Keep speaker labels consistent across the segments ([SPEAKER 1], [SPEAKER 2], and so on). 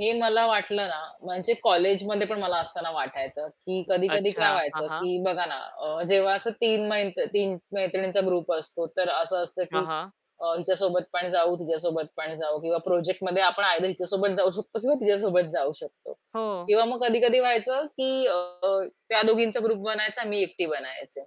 [SPEAKER 1] हे मला वाटलं ना म्हणजे कॉलेजमध्ये पण मला असतांना वाटायचं, की कधी-कधी काय
[SPEAKER 2] अच्छा. हां,
[SPEAKER 1] व्हायचं,
[SPEAKER 2] हां.
[SPEAKER 1] की बघा ना अ, जेव्हा असं 3 मै 3 मैत्रिणींचा ग्रुप असतो तर असं असतं,
[SPEAKER 2] हां,
[SPEAKER 1] की
[SPEAKER 2] हां.
[SPEAKER 1] अ, हिच्यासोबत पण जाऊ, तिच्यासोबत पण जाऊ किंवा प्रोजेक्टमध्ये आपण आयदर हिच्यासोबत जाऊ शकतो किंवा तिच्यासोबत जाऊ शकतो.
[SPEAKER 2] हो.
[SPEAKER 1] किंवा मग कधी-कधी व्हायचं की अ, त्या दोघींचा ग्रुप बनायचा मी एकटी बनायचे.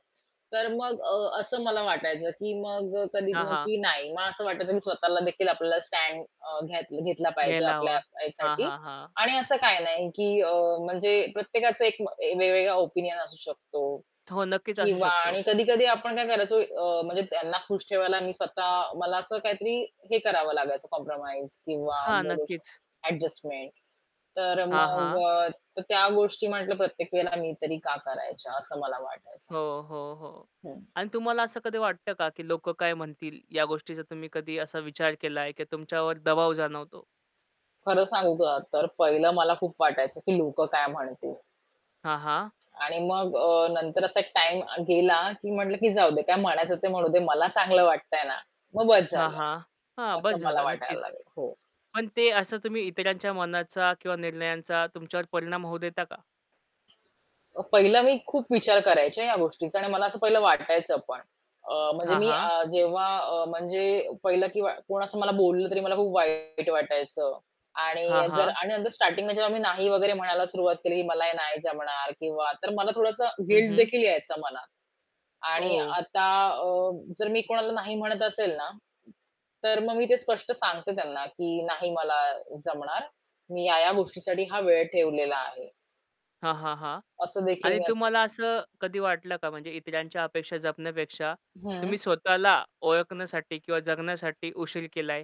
[SPEAKER 1] तर मग अ असं मला वाटायचं, की मग कधी
[SPEAKER 2] हां, हां.
[SPEAKER 1] की नाही मला असं वाटायचं, की स्वतःलादेखील आपल्याला स्टॅड अ, घेत घेतला पाहिजे
[SPEAKER 2] घ्यायला
[SPEAKER 1] आपल्या
[SPEAKER 2] हवा. हां,
[SPEAKER 1] ह्यासाठी
[SPEAKER 2] हां, हां.
[SPEAKER 1] आणि असं काही नाही की अ, म्हणजे प्रत्येकाचं एक ए वेगवेगळा ओपिनियन असू शकतो.
[SPEAKER 2] हो, नक्कीच असू
[SPEAKER 1] किंवा
[SPEAKER 2] शकतो.
[SPEAKER 1] आणि कधी-कधी आपण काय करायचं अ, म्हणजे त्यांना खुश ठेवायला मी स्वतः मला असं काहीतरी हे करावं लागायचं कॉम्प्रोमाईज किंवा
[SPEAKER 2] हां,
[SPEAKER 1] बोलू
[SPEAKER 2] नक्कीच.
[SPEAKER 1] शकतो ॲडजस्टमेंट. तर
[SPEAKER 2] हां,
[SPEAKER 1] मग
[SPEAKER 2] हां.
[SPEAKER 1] अ, तर त्या गोष्टी म्हटलं प्रत्येक वेळेला मी तरी का करायचं असं मला वाटायचं.
[SPEAKER 2] हो, हो, हो.
[SPEAKER 1] हं.
[SPEAKER 2] अन तुम्हाला असं कधी वाटतं का की लोकं काय म्हणतील या गोष्टीचा तुम्ही कधी असा विचार केलाय, की तुमच्यावर दबाव जाणवतो.
[SPEAKER 1] खरं सांगू का तर पहिलं मला खूप वाटायचं की "लोकं काय म्हणतील?"
[SPEAKER 2] हां, हां.
[SPEAKER 1] आणि मग अ, नंतर असा एक टाईम गेला, की म्हटलं की "जाऊ दे काय म्हणायचं ते म्हणू दे. मला चांगलं वाटतंय ना, मग बस
[SPEAKER 2] हां,
[SPEAKER 1] झालं."
[SPEAKER 2] हां. हां, बस
[SPEAKER 1] असं मला
[SPEAKER 2] झालं
[SPEAKER 1] वाटायला
[SPEAKER 2] नक्कीच.
[SPEAKER 1] लागलं. हो.
[SPEAKER 2] पण ते असं तुम्ही इतरांच्या मनाचा किंवा निर्णयांचा तुमच्यावर परिणाम होऊ देता का?
[SPEAKER 1] पहिलं मी खूप विचार करायचे या गोष्टीचा आणि मला असं पहिलं वाटायचं पण अ, म्हणजे
[SPEAKER 2] हां,
[SPEAKER 1] मी अ,
[SPEAKER 2] हां.
[SPEAKER 1] जेव्हा अ, म्हणजे पहिलं किंवा कोण असं मला बोललं तरी मला खूप वाईट वाटायचं.
[SPEAKER 2] हां,
[SPEAKER 1] आणि जर
[SPEAKER 2] हां.
[SPEAKER 1] आणि स्टार्टिंगला जेव्हा मी नाही वगैरे म्हणायला सुरुवात केली की "मला हे नाही जमणार" किंवा तर मला थोडसं
[SPEAKER 2] हं, हं.
[SPEAKER 1] गिल्टदेखील यायचा मनात. आणि
[SPEAKER 2] ओह!
[SPEAKER 1] आता अ, जर मी कोणाला नाही म्हणत असेल ना, तर मग मी ते स्पष्ट सांगते त्यांना, की "नाही मला जमणार. मी या, या गोष्टीसाठी हा वेळ ठेवलेला आहे."
[SPEAKER 2] हां, हां, हां.
[SPEAKER 1] असं देखील
[SPEAKER 2] आणि
[SPEAKER 1] मी [unintelligible]
[SPEAKER 2] तुम्हाला असं कधी वाटलं का म्हणजे इतरांच्या अपेक्षा जपण्यापेक्षा
[SPEAKER 1] हं.
[SPEAKER 2] तुम्ही स्वतःला ओळखण्यासाठी किंवा जगण्यासाठी उशीर केलाय?